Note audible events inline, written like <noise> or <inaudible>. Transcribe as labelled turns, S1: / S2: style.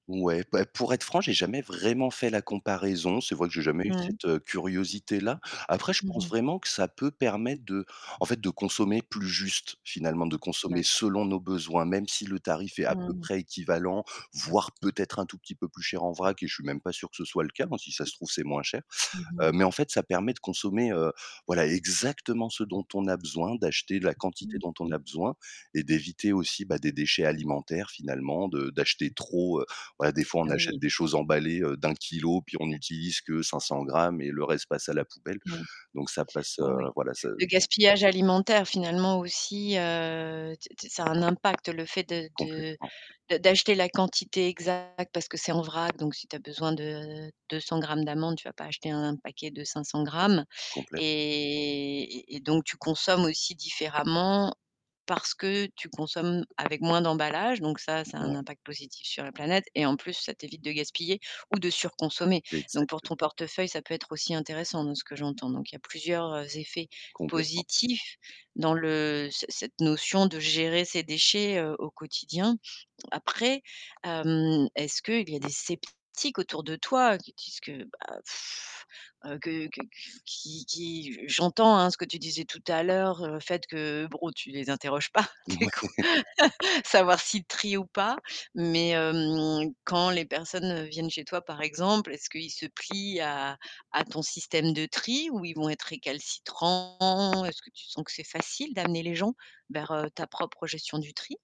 S1: Ouais, bah, pour être franc, j'ai jamais vraiment fait la comparaison, c'est vrai que j'ai jamais eu
S2: Mmh.
S1: cette, heu, curiosité-là. Après je
S2: Mmh
S1: pense
S2: mh.
S1: vraiment que ça peut permettre de en fait de consommer plus juste, finalement de consommer
S2: D'accord.
S1: selon nos besoins, même si le tarif est à peu
S2: Mmh.
S1: près équivalent voire peut-être un tout petit peu plus cher en vrac et je suis même pas sûr que ce soit le cas, hein, si ça se trouve, c'est moins cher.
S2: Mmh mh.
S1: Heu, mais en fait ça permet de consommer, heu, voilà, exactement ce dont on a besoin, d'acheter la quantité dont on
S2: Mmh.
S1: a besoin et d'éviter aussi, bah, des déchets alimentaires finalement, de d'acheter trop. Heu, voilà, des fois on achète
S2: Oui.
S1: des choses emballées, heu, d'1 kilogramme, puis on n'utilise que 500g et le reste passe à la poubelle,
S2: Mmh.
S1: donc ça passe. Heu,
S2: Oui.
S1: voilà ça
S2: Le gaspillage alimentaire finalement aussi, heu, t t ça a un impact le fait de de
S1: Complètement.
S2: d'a d'acheter la quantité exacte parce que c'est en vrac, donc si tu as besoin de 200 grammes d'amandes, tu vas pas acheter un paquet de 500 grammes
S1: Complètement
S2: et et donc tu consommes aussi différemment parce que tu consommes avec moins d'emballage, donc ça ça a un
S1: Ouais.
S2: impact positif sur la planète et en plus ça t'évite de gaspiller ou de surconsommer, donc pour
S1: Exacte
S2: ton portefeuille, ça peut être aussi intéressant. Dans ce que j'entends, donc il y a plusieurs, heu, effets
S1: Complètement.
S2: positifs dans le, heu, c cette notion de gérer ces déchets, heu, au quotidien. Après hem, est-ce qu'il y a des sceptiques autour de toi, heu, qui disent que, bah <blows air> heu, que que que qui qui j'entends, hein, ce que tu disais tout à l'heure, heu, le fait que bon tu les interroges pas du coup,
S1: Mouais.
S2: savoir s'ils trient ou pas. mais hem, quand les personnes viennent, heu, chez toi par exemple, est-ce qu'ils se plient à à ton système de tri? Ou ils vont être récalcitrants? Est-ce que tu sens que c'est facile d'amener les gens vers, heu, ta propre, heu, gestion du tri?